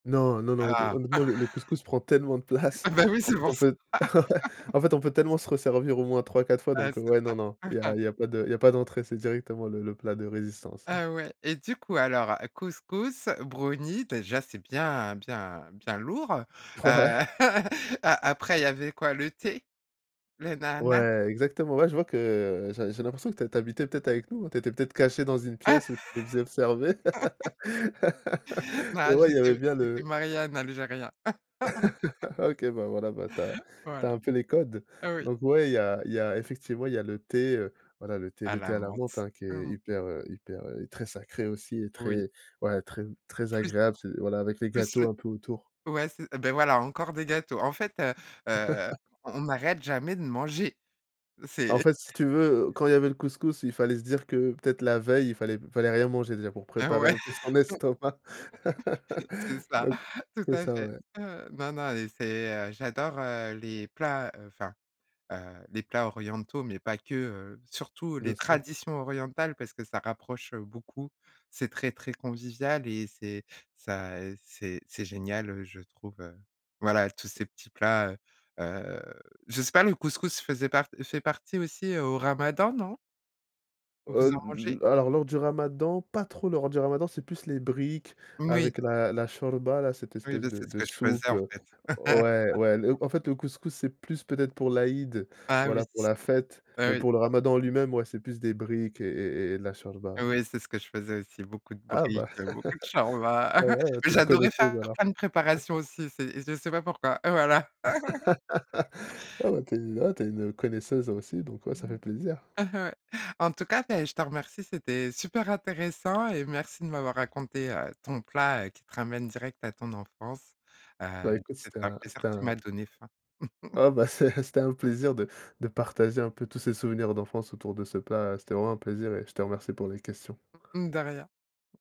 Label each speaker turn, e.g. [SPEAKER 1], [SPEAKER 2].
[SPEAKER 1] Non, non,
[SPEAKER 2] Ah.
[SPEAKER 1] non, hot honnêtement, le le couscous prend tellement de place.
[SPEAKER 2] Ah bah, oui,
[SPEAKER 1] En
[SPEAKER 2] c'est
[SPEAKER 1] fait,
[SPEAKER 2] pour
[SPEAKER 1] on
[SPEAKER 2] ça.
[SPEAKER 1] peut ouais, en fait, on peut tellement se resservir au moins 3-4 fois
[SPEAKER 2] Ah,
[SPEAKER 1] donc,
[SPEAKER 2] c'est
[SPEAKER 1] ouais, non non,
[SPEAKER 2] ça.
[SPEAKER 1] il y a il y a pas de il y a pas d'entrée, c'est directement le le plat de résistance, ouais.
[SPEAKER 2] Ah ouais et du coup, alors, couscous, brownie, déjà, c'est bien, bien, bien lourd, heu,
[SPEAKER 1] Ouais.
[SPEAKER 2] a après, il y avait quoi, le thé, le Nanah?
[SPEAKER 1] Ouais, exactement, ouais, je vois que j'ai j'ai l'impression que tu as tu as habité peut-être avec nous, hein? Tu étais peut-être cachée dans une pièce où tu nous observais.
[SPEAKER 2] Non,
[SPEAKER 1] Ouais, il y avait
[SPEAKER 2] j'étais
[SPEAKER 1] bien
[SPEAKER 2] j'étais
[SPEAKER 1] le
[SPEAKER 2] mariée à un algérien.
[SPEAKER 1] Ah OK, bah, voilà, bah, tu as tu as
[SPEAKER 2] Voilà.
[SPEAKER 1] un peu les codes.
[SPEAKER 2] Oui.
[SPEAKER 1] Donc ouais, il y a il y a effectivement, il y a le thé, heu, voilà, le thé
[SPEAKER 2] À
[SPEAKER 1] le
[SPEAKER 2] la
[SPEAKER 1] thé à la menthe,
[SPEAKER 2] menthe,
[SPEAKER 1] hein, qui est
[SPEAKER 2] mmh.
[SPEAKER 1] hyper, heu, hyper, heu, très sacré aussi et
[SPEAKER 2] Oui.
[SPEAKER 1] très ouais, très, très
[SPEAKER 2] Plus
[SPEAKER 1] agréable, c'est voilà avec les
[SPEAKER 2] plus
[SPEAKER 1] gâteaux
[SPEAKER 2] le
[SPEAKER 1] un peu autour.
[SPEAKER 2] ouais, c beh, voilà, encore des gâteaux. En fait, heu, heu, on n'arrête jamais de manger.
[SPEAKER 1] Ah en
[SPEAKER 2] C'est
[SPEAKER 1] fait, si tu veux quand il y avait le couscous, il fallait se dire que peut-être la veille, il fallait fallait rien manger déjà pour
[SPEAKER 2] Ah
[SPEAKER 1] préparer
[SPEAKER 2] ouais.
[SPEAKER 1] un peu son estomac.
[SPEAKER 2] C'est ça,
[SPEAKER 1] Donc,
[SPEAKER 2] tout
[SPEAKER 1] c'est
[SPEAKER 2] à
[SPEAKER 1] ça,
[SPEAKER 2] fait.
[SPEAKER 1] ouais.
[SPEAKER 2] Ouais, non, non et c'est, heu, j'adore, heu, les plats, enfin, heu, les plats orientaux, mais pas que, heu, surtout les
[SPEAKER 1] Bien sûr.
[SPEAKER 2] traditions orientales, parce que ça rapproche, heu, beaucoup, c'est très, très convivial et c'est ça c'est c'est génial, heu, je trouve, heu, voilà, tous ces petits plats, heu, heu, je sais pas, le couscous faisait part fait partie aussi au ramadan, non?
[SPEAKER 1] Oh
[SPEAKER 2] Vous en mangez?
[SPEAKER 1] n n alors, lors du ramadan, pas trop lors du ramadan, c'est plus les briques
[SPEAKER 2] Moui.
[SPEAKER 1] avec la la chorba, là, cette
[SPEAKER 2] Oui,
[SPEAKER 1] espèce
[SPEAKER 2] bah,
[SPEAKER 1] de
[SPEAKER 2] c'est ce
[SPEAKER 1] de
[SPEAKER 2] que je faisais,
[SPEAKER 1] soupe.
[SPEAKER 2] en fait.
[SPEAKER 1] Ouais, ouais, le en fait, le couscous c'est plus peut-être pour l'Aïd,
[SPEAKER 2] Bah, oui,
[SPEAKER 1] voilà, pour
[SPEAKER 2] s
[SPEAKER 1] la fête, mais
[SPEAKER 2] oui.
[SPEAKER 1] pour le ramadan en lui-même, ouais, c'est plus des briques et et et de la chorba, ouais.
[SPEAKER 2] Oui, c'est ce que je faisais aussi, beaucoup de
[SPEAKER 1] Ah bah,
[SPEAKER 2] briques, beaucoup de chorba.
[SPEAKER 1] bah, voilà,
[SPEAKER 2] Mais
[SPEAKER 1] tu es une
[SPEAKER 2] j'adorais
[SPEAKER 1] connaisseuse,
[SPEAKER 2] faire
[SPEAKER 1] alors.
[SPEAKER 2] plein de préparations aussi, c'est je sais pas pourquoi, voilà.
[SPEAKER 1] Ah bah, tu es ah bah, tu es une connaisseuse aussi, donc ouais, ça
[SPEAKER 2] Mmh
[SPEAKER 1] fait
[SPEAKER 2] mh.
[SPEAKER 1] plaisir.
[SPEAKER 2] Ouais. En tout cas, beh, je te remercie, c'était super intéressant et merci de m'avoir raconté, heu, ton plat qui te ramène direct à ton enfance, heu,
[SPEAKER 1] Bah, écoute,
[SPEAKER 2] c'était
[SPEAKER 1] c'était
[SPEAKER 2] un
[SPEAKER 1] un
[SPEAKER 2] plaisir,
[SPEAKER 1] c'était
[SPEAKER 2] tu
[SPEAKER 1] un
[SPEAKER 2] m'as donné faim.
[SPEAKER 1] Ah bah, c'est c'était un plaisir de de partager un peu tous ces souvenirs d'enfance autour de ce plat. C'était vraiment un plaisir et je te remercie pour les questions.
[SPEAKER 2] Mmh mh, de rien.